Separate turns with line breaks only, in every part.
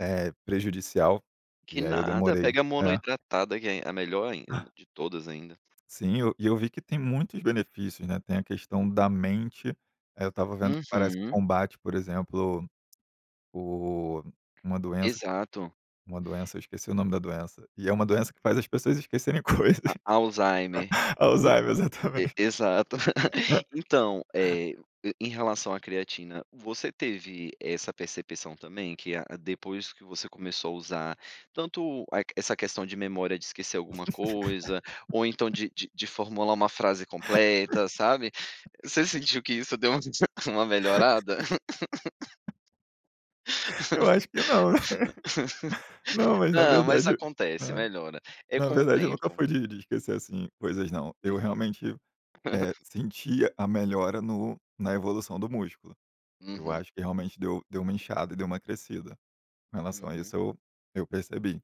É prejudicial,
Que
e aí eu
nada,
demorei,
pega
é.
monohidratada que é a melhor ainda, de todas ainda.
Sim, e eu e eu vi que tem muitos benefícios, né, tem a questão
Hum.
da mente, aí eu estava vendo que parece
Uhum.
combate, por exemplo, o uma doença,
Exato.
uma doença, eu esqueci o nome da doença, e é uma doença que faz as pessoas esquecerem
A
coisas.
alzheimer
A Alzheimer,
então e
exatamente.
exato. Então, eh, em relação à creatina, você teve essa percepção também que a depois que você começou a usar, tanto a qu essa questão de memória de esquecer alguma coisa, ou então de de de formular uma frase completa, sabe você sentiu que isso deu uma melhorada?
Eu acho que não. Não, mas na
Não, mas
verdade,
acontece,
ah,
melhora. É
na
com o
verdade nunca
tempo.
foi de de esquecer, assim, coisas não, eu
Uhum.
realmente, eh, sentia a melhora no na evolução do músculo. Eu
Uhum.
acho que realmente deu deu uma inchada e deu uma crescida. Com relação a
Uhum.
isso eu eu percebi.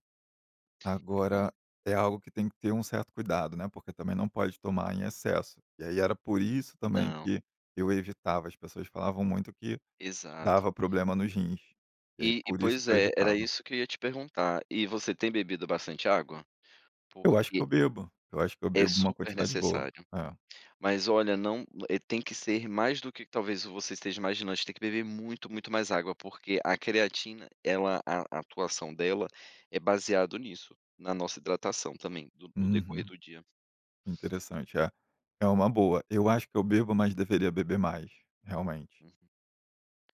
Que bom.
Agora é algo que tem que ter um certo cuidado, né, porque também não pode tomar em excesso. E aí era por isso também
Não.
que eu evitava, as pessoas falavam muito que
Exato.
dava problema nos rins, e aí
E e
por isso
pois
que eu
é, era
evitava.
isso que eu ia te perguntar, e você tem bebido bastante água?
Eu acho que
Porque
eu bebo, eu acho que eu
é
bebo uma
super
quantidade boa.
necessário.
É.
Mas olha, não, eh, tem que ser mais do que talvez você esteja imaginando, a gente tem que beber muito, muito mais água porque a creatina ela a atuação dela é baseado nisso, na nossa hidratação também, no no decorrer
Uhum.
do dia.
Interessante, eh, é uma boa. Eu acho que eu bebo, mas deveria beber mais, realmente.
Hum.